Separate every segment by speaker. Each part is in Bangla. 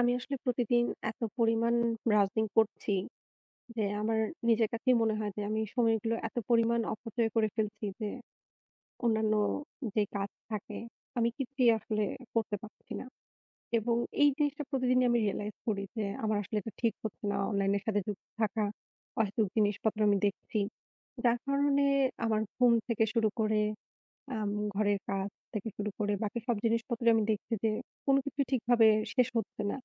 Speaker 1: আমি আসলে প্রতিদিন এত পরিমাণ ব্রাউসিং করছি যে আমার নিজের কাছেই মনে হয় যে আমি সময়গুলো এত পরিমাণ অপচয় করে ফেলছি যে অন্যান্য যে কাজ থাকে, আমি কিছুই আসলে করতে পারছি না। এবং এই জিনিসটা প্রতিদিনই আমি রিয়ালাইজ করি যে আমার আসলে এটা ঠিক হচ্ছে না অনলাইনের সাথে যুক্ত থাকা। অহেতুক জিনিসপত্র আমি দেখছি। যার কারণে আমার ঘুম থেকে শুরু করে, আম ঘরের কাজ থেকে শুরু করে বাকি সব জিনিসপত্রই আমি দেখছি যে কোনো কিছুই ঠিকভাবে শেষ হচ্ছে না।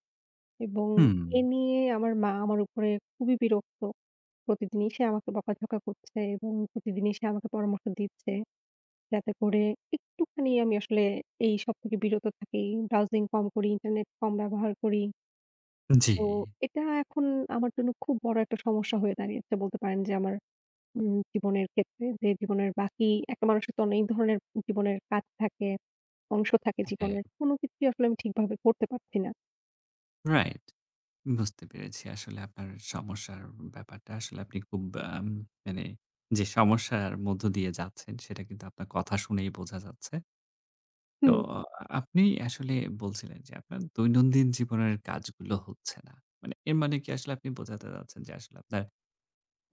Speaker 1: এবং
Speaker 2: হুম।
Speaker 1: এ নিয়ে আমার মা আমার উপরে খুবই বিরক্ত। প্রতিদিনই সে আমাকে বকাঝকা করছে এবং প্রতিদিন সে আমাকে পরামর্শ দিচ্ছে যাতে করে একটুখানি আমি আসলে এই সব থেকে বিরত থাকি, ব্রাউসিং কম করি, ইন্টারনেট কম ব্যবহার করি।
Speaker 2: জি।
Speaker 1: তো এটা এখন আমার জন্য খুব বড় একটা সমস্যা হয়ে দাঁড়িয়েছে বলতে পারেন যে আমার, হুম, জীবনের ক্ষেত্রে যে জীবনের বাকি একটা মানুষের তো অনেক ধরনের জীবনের কাজ থাকে, অংশ থাকে
Speaker 2: হ্যাঁ।
Speaker 1: জীবনে। কোনো কিছুই আসলে আমি ঠিকভাবে করতে পারছি না।
Speaker 2: Right. বুঝতে পেরেছি আসলে আপনার সমস্যার ব্যাপারটা। আসলে আপনি খুব ব্যাম মানে যে সমস্যার মধ্য দিয়ে যাচ্ছেন সেটা কিন্তু আপনার কথা শুনেই বোঝা যাচ্ছে। তো
Speaker 1: হুম।
Speaker 2: আপনি আসলে বলছিলেন যে আপনার দৈনন্দিন জীবনের কাজগুলো হচ্ছে না। মানে এর মানে কি আসলে আপনি বোঝাতে চাচ্ছেন যে আসলে আপনার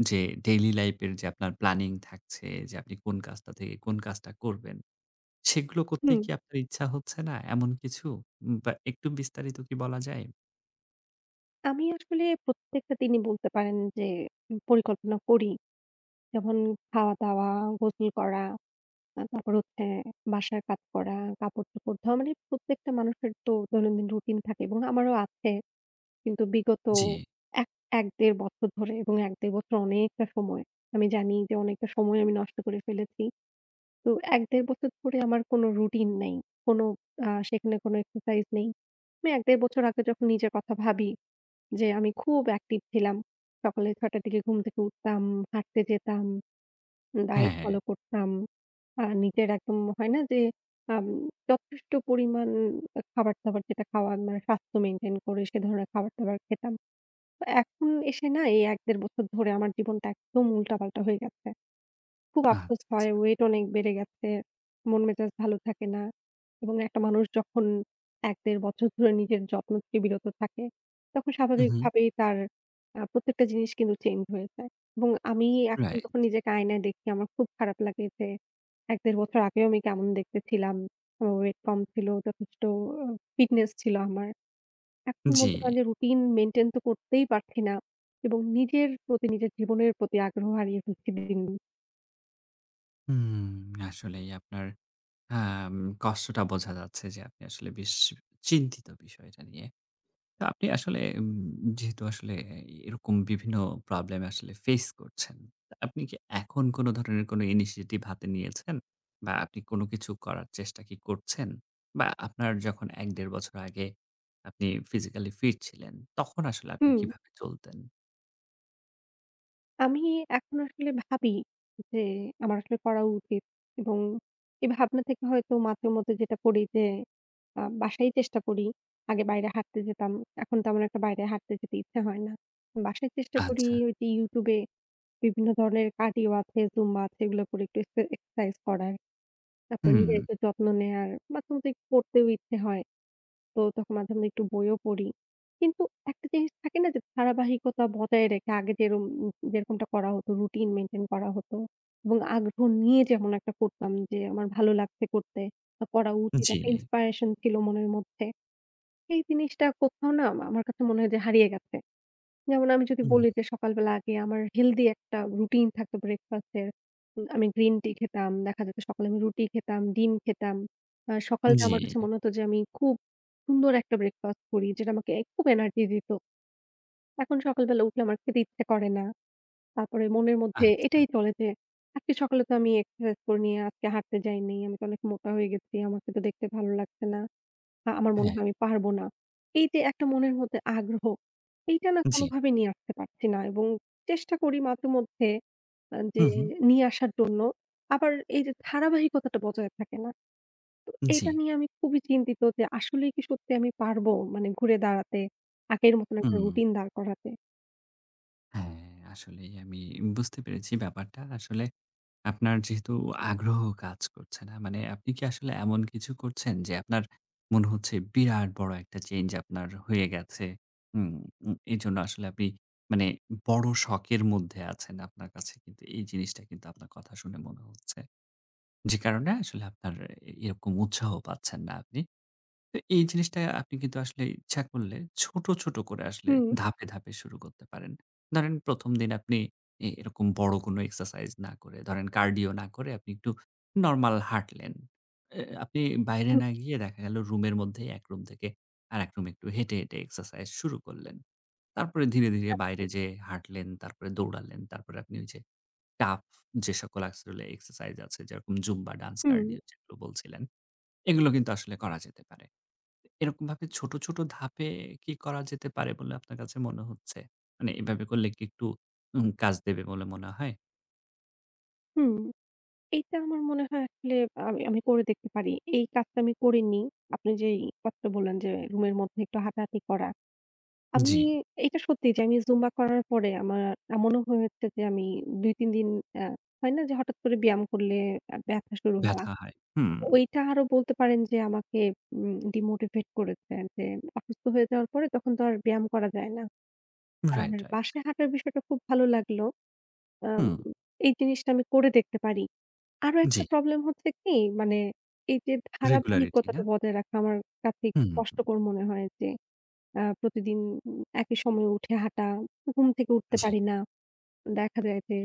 Speaker 2: যে daily life এর যে আপনার planning থাকছে যে আপনি কোন কাজটা থেকে কোন কাজটা করবেন, সেগুলো করতেই
Speaker 1: হুম।
Speaker 2: কি আপনার ইচ্ছা হচ্ছে না, এমন কিছু? বা, একটু বিস্তারিত কি বলা যায়?
Speaker 1: আমি আসলে প্রত্যেকটা দিনই বলতে পারেন যে উম পরিকল্পনা করি। যেমন খাওয়া-দাওয়া, গোসল করা, আ তারপর হচ্ছে বাসার কাজ করা, কাপড়-চোপড় ধোয়া। মানে প্রত্যেকটা মানুষের তো দৈনন্দিন routine থাকে এবং আমারও আছে। কিন্তু বিগত
Speaker 2: জি।
Speaker 1: এক এক-দেড় বছর ধরে এবং ১-১.৫ বছর অনেকটা সময়। আমি জানি যে অনেকটা সময় আমি নষ্ট করে ফেলেছি। তো ১-১.৫ বছর ধরে আমার কোনো routine নাই, কোন আ সেখানে কোনো exercise নেই। আমি ১-১.৫ বছর আগে যখন নিজের কথা ভাবি যে আমি খুব active ছিলাম। সকালে ৬ -র দিকে ঘুম থেকে উঠতাম, হাঁটতে যেতাম,
Speaker 2: হ্যাঁ,
Speaker 1: diet
Speaker 2: হ্যাঁ।
Speaker 1: follow করতাম। আ নিজের একদম হয় না যে, আ যথেষ্ট পরিমাণ আ খাবার-দাবার যেটা খাওয়া মানে স্বাস্থ্য maintain করে সে ধরনের খাবার-দাবার খেতাম। তো এখন এসে না এই ১-১.৫ বছর ধরে আমার জীবনটা একদম উল্টা-পাল্টা হয়ে গেছে। খুব আফসোস
Speaker 2: আচ্ছা।
Speaker 1: হয় weight অনেক বেড়ে গেছে, মন-মেজাজ ভালো থাকে না। এবং একটা মানুষ যখন ১-১.৫ বছর ধরে নিজের যত্ন থেকে বিরত থাকে তখন
Speaker 2: হুম, হুম।
Speaker 1: স্বাভাবিকভাবেই তার, আ প্রত্যেকটা জিনিস কিন্তু change হয়ে যায়। এবং আমি এখন
Speaker 2: রাইট।
Speaker 1: যখন নিজেকে আয়নায় দেখি আমার খুব খারাপ লাগে যে ১-১.৫ বছর আগেও আমি কেমন দেখতে ছিলাম। ও weight কম ছিল, যথেষ্ট অ fitness ছিল আমার। এখন
Speaker 2: জি।
Speaker 1: বলতে পারেন যে routine maintain তো করতেই পারছি না এবং নিজের প্রতি, নিজের জীবনের প্রতি আগ্রহ হারিয়ে ফেলছি দিন, দিন।
Speaker 2: হুম। আসলেই আপনার, হ্যাঁ আম কষ্টটা বোঝা যাচ্ছে যে আপনি আসলে বেশ চিন্তিত বিষয়টা নিয়ে। তো আপনি আসলে, উম যেহেতু আসলে অ্যা ই এরকম বিভিন্ন problem আসলে face করছেন, আপনি কি এখন কোনো ধরনের কোনো initiative হাতে নিয়েছেন? বা আপনি কোনো কিছু করার চেষ্টা কি করছেন? বা আপনার যখন ১-১.৫ বছর আগে আপনি physically fit ছিলেন তখন আসলে আপনি
Speaker 1: হুম।
Speaker 2: কিভাবে চলতেন?
Speaker 1: আমি এখন আসলে ভাবি যে, আমার আসলে করা উচিত। এবং এভাবনা থেকে হয়তো মাঝেমধ্যে যেটা করি যে আ বাসায়ই চেষ্টা করি। আগে বাইরে হাঁটতে যেতাম, এখন তেমন একটা বাইরে হাঁটতে যেতে ইচ্ছে হয় না। বাসায় চেষ্টা করি
Speaker 2: আচ্ছা।
Speaker 1: ওই যে YouTube এ বিভিন্ন ধরনের cardio আছে, Zumba আছে এগুলা করে একটু এক্সে exercise করার। তারপরে নিজের
Speaker 2: হুম।
Speaker 1: একটু যত্ন নেয়ার। মাঝেমধ্যে একটু পড়তেও ইচ্ছে হয়, তো তখন মাঝেমধ্যে একটু বইও পড়ি। কিন্তু একটা জিনিস থাকে না? যে ধারাবাহিকতা বজায় রেখে আগে যেরম যেরকমটা করা হতো routine maintain করা হতো। এবং আগ্রহ নিয়ে যেমন একটা করতাম যে আমার ভালো লাগছে করতে বা করা উচিত, একটা
Speaker 2: জি।
Speaker 1: inspiration ছিল মনের মধ্যে। এই জিনিসটা কোথাও না আমার কাছে মনে হয় যে হারিয়ে গেছে। যেমন আমি যদি
Speaker 2: হুম।
Speaker 1: বলি যে সকালবেলা আগে আমার healthy একটা routine থাকত breakfast এর, উম আমি green tea খেতাম। দেখা যেত সকালে আমি রুটি খেতাম, ডিম খেতাম। অ্যা সকালটা আমার কাছে
Speaker 2: জি।
Speaker 1: মনে হতো যে আমি খুব সুন্দর একটা breakfast করি, যেটা আমাকে খুব energy দিত। এখন সকালবেলা উঠলে আমার খেতে ইচ্ছে করে না। তারপরে মনের মধ্যে এটাই
Speaker 2: আচ্ছা।
Speaker 1: চলে যে আজকে সকালে তো আমি exercise করিনি, আর আজকে হাঁটতে যাইনি। আমি তো অনেক মোটা হয়ে গেছি, আমাকে তো দেখতে ভালো লাগছে না। আ আমার মনে
Speaker 2: হ্যাঁ।
Speaker 1: হয় আমি পারব না। এইযে এত মনের মধ্যে আগ্রহ, এইটা না
Speaker 2: জি।
Speaker 1: কোনোভাবেই নিয়ে আসতে পারছি না। এবং চেষ্টা করি মাঝে মধ্যে অ্যা
Speaker 2: হু,
Speaker 1: যে
Speaker 2: হুম।
Speaker 1: নিয়ে আসার জন্য। আবার এই যে ধারাবাহিকতাটা বজায় থাকে না। তো
Speaker 2: উ
Speaker 1: এইটা
Speaker 2: জি।
Speaker 1: নিয়ে আমি খুবই চিন্তিত যে আসলেই কি সত্যি আমি পারব? মানে ঘুরে দাঁড়াতে, আগের মতন একটা
Speaker 2: হুম।
Speaker 1: routine দাঁড় করাতে?
Speaker 2: হ্যাঁ, আসলেই আমি বুঝতে পেরেছি ব্যাপারটা। আসলে আপনার যেহেতু আগ্রহ কাজ করছে না, মানে আপনি কি আসলে এমন কিছু করছেন যে আপনার মনে হচ্ছে বিরাট বড় একটা change আপনার হয়ে গেছে? উম উ এইজন্য আসলে আপনি মানে বড় শকের মধ্যে আছেন আপনার কাছে কিন্তু এই জিনিসটা কিন্তু আপনার কথা শুনে মনে হচ্ছে। যে কারণে আসলে আপনার এ এরকম উৎসাহ পাচ্ছেন না আপনি। তো এই জিনিসটা আপনি কিন্তু আসলে ইচ্ছা করলে ছোট, ছোট করে আসলে
Speaker 1: হুম।
Speaker 2: ধাপে, ধাপে শুরু করতে পারেন। ধরেন ১ম দিন আপনি এ এরকম বড় কোনো exercise না করে ধরেন cardio না করে আপনি একটু normal হাঁটলেন। এ এ আপনি বাইরে
Speaker 1: হু।
Speaker 2: না গিয়ে দেখা গেল রুমের মধ্যেই এক রুম থেকে আরেক রুমে একটু হেঁটে, হেঁটে exercise শুরু করলেন। তারপরে ধীরে, ধীরে বাইরে
Speaker 1: আচ্ছা।
Speaker 2: যেয়ে হাঁটলেন, তারপরে দৌড়ালেন, তারপরে আপনি ওই যে টাফ যেসকল আসলে exercise আছে, যেরকম জুম্বা ডান্স,
Speaker 1: হুম।
Speaker 2: cardio যেগুলো বলছিলেন, এগুলো কিন্তু আসলে করা যেতে পারে। এরকমভাবে ছোট, ছোট ধাপে কি করা যেতে পারে বলে আপনার কাছে মনে হচ্ছে? মানে এভাবে করলে কি একটু উম কাজ দেবে বলে মনে হয়?
Speaker 1: হুম। এইটা আমার মনে হয় আসলে আম আমি করে দেখতে পারি। এই কাজটা আমি করিনি। আপনি যেই কথাটা বললেন যে রুমের মধ্যে একটু হাঁটা-হাটি করা। আমি
Speaker 2: জি।
Speaker 1: এটা সত্যি যে আমি জুম্বা করার পরে আমার এমনও হয়েছে যে আমি ২-৩ দিন, আ হয় না যে হঠাৎ করে ব্যায়াম করলে ব্যথা শুরু হওয়া।
Speaker 2: ব্যথা হয়। হুম।
Speaker 1: ওইটা আরও বলতে পারেন যে আমাকে উম demotivate করেছে। যে অসুস্থ হয়ে যাওয়ার পরে তখন তো আর ব্যায়াম করা যায় না। আর
Speaker 2: রাইট, রাইট।
Speaker 1: বাসায় হাঁটার বিষয়টা খুব ভালো লাগলো। আ
Speaker 2: হুম।
Speaker 1: এই জিনিসটা আমি করে দেখতে পারি। আরও একটা
Speaker 2: জি।
Speaker 1: problem হচ্ছে কি, মানে এই যে
Speaker 2: Regularity,
Speaker 1: ধারাবাহিকতাটা
Speaker 2: না?
Speaker 1: বজায় রাখা আমার কাছে একটু
Speaker 2: হুম।
Speaker 1: কষ্টকর মনে হয় যে আ প্রতিদিন একই সময়ে উঠে হাঁটা। ঘুম থেকে উঠতে
Speaker 2: জি।
Speaker 1: পারি না। দেখা যায় যে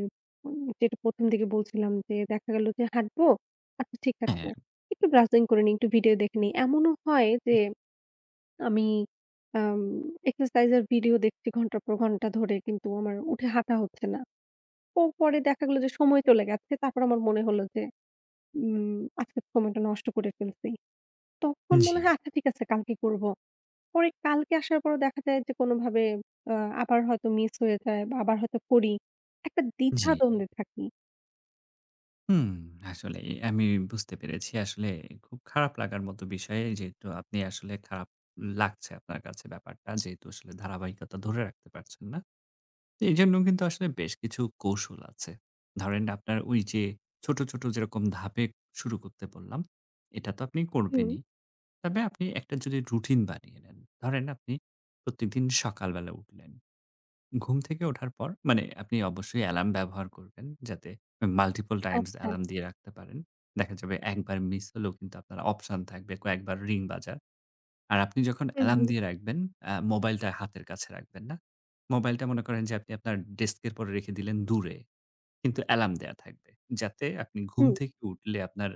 Speaker 1: যেটা প্রথম থেকে বলছিলাম যে দেখা গেল যে হাঁটবো, আচ্ছা ঠিক আছে
Speaker 2: হ্যাঁ।
Speaker 1: একটু browsing করে নিই, একটু video দেখে নিই। এমনও হয় যে আমি, আম exercise এর video দেখছি ঘন্টার পর ঘন্টা ধরে কিন্তু আমার উঠে হাঁটা হচ্ছে না। তো পরে দেখা গেল যে সময় চলে গেছে। তারপর আমার মনে হল যে উম আজকের সময়টা নষ্ট করে ফেলছি। তখন মনে
Speaker 2: জি।
Speaker 1: হয় আচ্ছা ঠিক আছে কালকে করব। পরে কালকে আসার পরও দেখা যায় যে কোনভাবে আ আবার হয়তো miss হয়ে যায় বা আবার হয়তো করি। একটা
Speaker 2: জি।
Speaker 1: দ্বিধা-দ্বন্দ্বে থাকি।
Speaker 2: হুম, আসলেই। আমি বুঝতে পেরেছি আসলে খুব খারাপ লাগার মতো বিষয়। যেহেতু আপনি আসলে খারাপ লাগছে আপনার কাছে ব্যাপারটা। যেহেতু আসলে ধারাবাহিকতা ধরে রাখতে পারছেন না। এইজন্যও কিন্তু আসলে বেশ কিছু কৌশল আছে। ধরেন, আপনার ওই যে ছোট, ছোট যেরকম ধাপে শুরু করতে বললাম, এটা তো আপনি
Speaker 1: হুম।
Speaker 2: করবেনই। তবে আপনি একটা যদি routine বানিয়ে নেন। ধরেন, আপনি প্রতিদিন সকালবেলা উঠলেন। ঘুম থেকে ওঠার পর, মানে আপনি অবশ্যই alarm ব্যবহার করবেন যাতে multiple times
Speaker 1: আচ্ছা।
Speaker 2: alarm দিয়ে রাখতে পারেন। দেখা যাবে একবার miss হলেও কিন্তু আপনার option থাকবে কয়েকবার ring বাজার। আর আপনি যখন
Speaker 1: হুম,
Speaker 2: alarm
Speaker 1: হুম।
Speaker 2: দিয়ে রাখবেন এ্যা mobile-টা হাতের কাছে রাখবেন না। mobile-টা মনে করেন যে আপনি আপনার desk এর উপর রেখে দিলেন দূরে। কিন্তু alarm দেয়া থাকবে। যাতে আপনি ঘুম
Speaker 1: হুম।
Speaker 2: থেকে উঠলে আপনার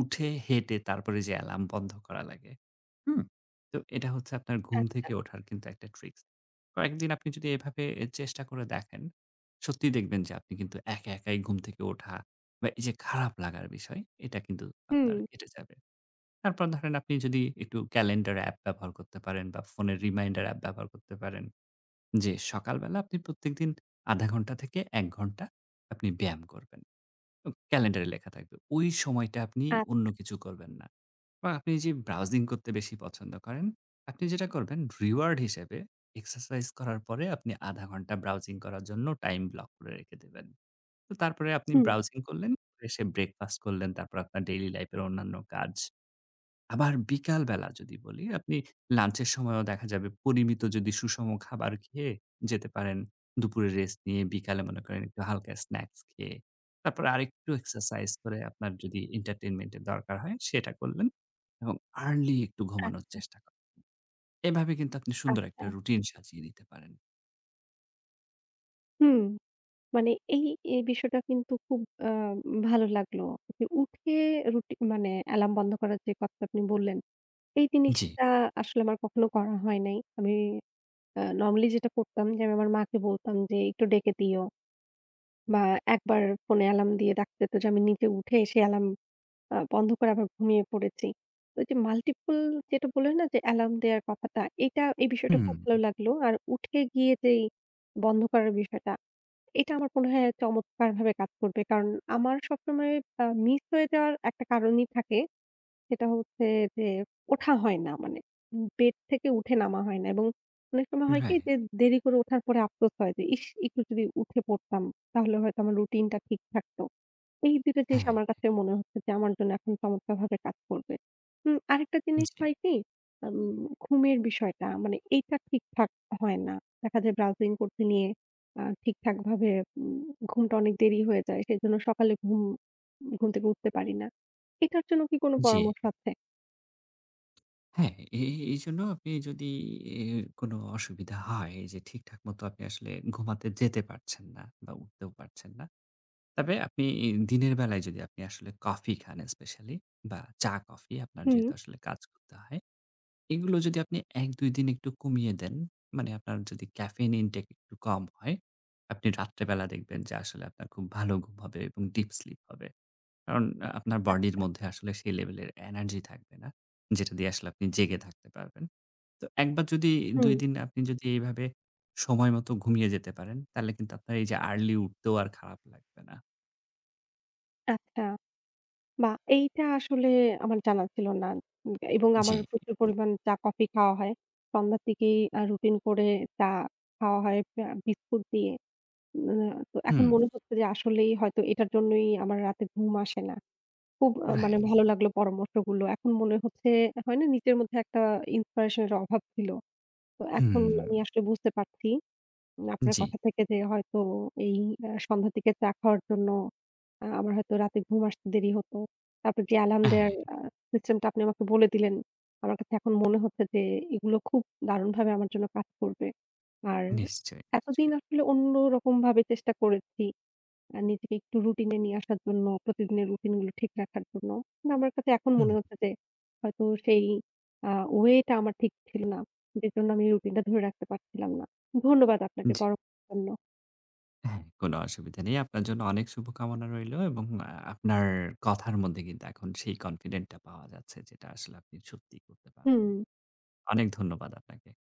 Speaker 2: উঠে হেঁটে তারপরে যেয়ে alarm বন্ধ করা লাগে। হুম? তো এটা হচ্ছে আপনার ঘুম থেকে
Speaker 1: আচ্ছা।
Speaker 2: ওঠার কিন্তু একটা tricks। কয়েকদিন আপনি যদি এভাবে এ চেষ্টা করে দেখেন, সত্যিই দেখবেন যে আপনি কিন্তু একা, একাই ঘুম থেকে ওঠা বা এই যে খারাপ লাগার বিষয়, এটা কিন্তু আপনার
Speaker 1: হুম।
Speaker 2: কেটে যাবে। তারপর ধরেন, আপনি যদি একটু calendar app ব্যবহার করতে পারেন বা ফোনের reminder app ব্যবহার করতে পারেন, যে সকালবেলা আপনি প্রত্যেকদিন ০.৫ ঘণ্টা থেকে ১ ঘণ্টা আপনি ব্যায়াম করবেন। উম Calender-এ লেখা থাকবে। ওই সময়টা আপনি অন্য
Speaker 1: আচ্ছা।
Speaker 2: কিছু করবেন না। বা আপনি যে browsing করতে বেশি পছন্দ করেন, আপনি যেটা করবেন reward হিসেবে exercise করার পরে আপনি ০.৫ ঘণ্টা browsing করার জন্য time block করে রেখে দেবেন। তো তারপরে আপনি
Speaker 1: হুম।
Speaker 2: browsing করলেন, পরে এসে breakfast করলেন। তারপরে আপনার daily life এর অন্যান্য কাজ। আবার বিকালবেলা যদি বলি, আপনি lunch এর সময়ও দেখা যাবে পরিমিত যদি সুষম খাবার খেয়ে যেতে পারেন দুপুরে rest নিয়ে, বিকালে মনে করেন একটু হালকা snacks খেয়ে। তারপরে আরেকটু exercise করে আপনার যদি entertainment এর দরকার হয়, সেটা করলেন এবং early একটু ঘুমানোর
Speaker 1: আচ্ছা।
Speaker 2: চেষ্টা কর এভাবে কিন্তু আপনি সুন্দর একটা
Speaker 1: আচ্ছা।
Speaker 2: routine সাজিয়ে নিতে পারেন।
Speaker 1: হুম। মানে এই এ বিষয়টা কিন্তু খুব অ্যা ভালো লাগলো। যে উঠে রুটি মানে alarm বন্ধ করার যে কথা আপনি বললেন, এই
Speaker 2: জি।
Speaker 1: জিনিসটা আসলে আমার কখনো করা হয় নাই। আমি আ normally যেটা করতাম যে আমি আমার মাকে বলতাম যে একটু ডেকে দিও বা একবার phone এ alarm দিয়ে ডাকতে হতো যে আমি নিচে উঠে এসে alarm আ বন্ধ করে আবার ঘুমিয়ে পড়েছি। তো যে multiple যেটা বললেন না যে alarm দেয়ার ব্যাপারটা, এইটা এই বিষয়টা খুব ভালো
Speaker 2: হুম।
Speaker 1: লাগলো। আর উঠে গিয়ে যে এই বন্ধ করার বিষয়টা, এটা আমার মনে হয় চমৎকারভাবে কাজ করবে। কারণ আমার সবসময় আ miss হয়ে যাওয়ার একটা কারণই থাকে, সেটা হচ্ছে যে ওঠা হয় না, মানে উব bed থেকে উঠে নামা হয় না এবং অনেক সময় হয় কী
Speaker 2: Right.
Speaker 1: যে দেরি করে ওঠার পরে আফসোস হয় যে ইশ! একটু যদি উঠে পড়তাম তাহলে হয়তো আমার routine টা ঠিক থাকতো। এই ২ টা জিনিস
Speaker 2: হ্যাঁ।
Speaker 1: আমার কাছে মনে হচ্ছে যে আমার জন্য এখন চমৎকারভাবে কাজ করবে। উ আরেকটা জিনিস
Speaker 2: জি।
Speaker 1: হয় কী, আম ঘুমের বিষয়টা মানে এইটা ঠিকঠাক হয় না। দেখা যায় browsing করতে নিয়ে আ ঠিকঠাকভাবে উম ঘুমটা অনেক দেরি হয়ে যায়। সেজন্য সকালে ঘুম, ঘুম থেকে উঠতে পারি না। এটার জন্য কী কোনো
Speaker 2: জি।
Speaker 1: পরামর্শ আছে?
Speaker 2: হ্যাঁ, এ এইজন্য আপনি যদি এ কোনো অসুবিধা হয় এই যে ঠিকঠাক মতো আপনি আসলে ঘুমাতে যেতে পারছেন না বা উঠতেও পারছেন না। তবে আপনি এই দিনের বেলায় যদি আপনি আসলে coffee খান especially বা চা coffee আপনার
Speaker 1: হুম।
Speaker 2: যেহেতু আসলে কাজ করতে হয়। এগুলো যদি আপনি ১-২ দিন একটু কমিয়ে দেন, মানে আপনার যদি caffeine intake একটু কম হয়, আপনি রাত্রেবেলা দেখবেন যে আসলে আপনার খুব ভালো ঘুম হবে এবং deep sleep হবে। কারণ অ্যা আপনার body র
Speaker 1: আচ্ছা।
Speaker 2: মধ্যে আসলে সেই level এর energy থাকবে না যেটা দিয়ে আসলে আপনি জেগে থাকতে পারবেন। তো একবার যদি ২
Speaker 1: হুম।
Speaker 2: দিন আপনি যদি এইভাবে সময়মতো ঘুমিয়ে যেতে পারেন, তাহলে কিন্তু আপনার এই যে early উঠতেও আর খারাপ লাগবে না।
Speaker 1: আচ্ছা বাহ! এইটা আসলে আমার জানা ছিল না উম এবং আমার
Speaker 2: জি।
Speaker 1: প্রচুর পরিমাণ চা, coffee খাওয়া হয়। সন্ধ্যা থেকেই আ routine করে চা খাওয়া হয় আ বিস্কুট দিয়ে। অ্যা তো এখন
Speaker 2: হুম।
Speaker 1: মনে হচ্ছে যে আসলেই হয়তো এটার জন্যই আমার রাতে ঘুম আসে না। খুব আ মানে
Speaker 2: Right।
Speaker 1: ভালো লাগলো পরামর্শগুলো। এখন মনে হচ্ছে হয় না, নিজের মধ্যে একটা inspiration এর অভাব ছিল। তো এখন আমি
Speaker 2: হুম।
Speaker 1: আসলে বুঝতে পারছি উম আপনার
Speaker 2: জি।
Speaker 1: কথা থেকে যে হয়তো এই অ্যা সন্ধ্যা থেকে চা খাওয়ার জন্য আ আমার হয়তো রাতে ঘুম আসতে দেরি হতো। তারপর যে alarm দেয়ার
Speaker 2: হ্যাঁ।
Speaker 1: আ system টা আপনি আমাকে বলে দিলেন, আমার কাছে এখন মনে হচ্ছে যে এগুলো খুব দারুণভাবে আমার জন্য কাজ করবে। আর
Speaker 2: নিশ্চয়ই,
Speaker 1: এতদিন
Speaker 2: নিশ্চয়ই।
Speaker 1: আসলে অন্যরকমভাবে চেষ্টা করেছি। আ নিজেকে একটু routine এ নিয়ে আসার জন্য, প্রতিদিনের routine গুলো ঠিক রাখার জন্য। কিন্তু আমার কাছে এখন
Speaker 2: হুম।
Speaker 1: মনে হচ্ছে যে হয়তো সেই আ way টা আমার ঠিক ছিল না, যেজন্য আমি routine টা ধরে রাখতে পারছিলাম না। ধন্যবাদ আপনাকে
Speaker 2: জি।
Speaker 1: পরা জন্য।
Speaker 2: হ্যাঁ, কোনো অসুবিধা নেই। আপনার জন্য অনেক শুভকামনা রইল এবং আ আপনার কথার মধ্যে কিন্তু এখন সেই confident টা পাওয়া যাচ্ছে যে এটা আসলে আপনি সত্যিই করতে পারবেন।
Speaker 1: হুম।
Speaker 2: অনেক ধন্যবাদ আপনাকে।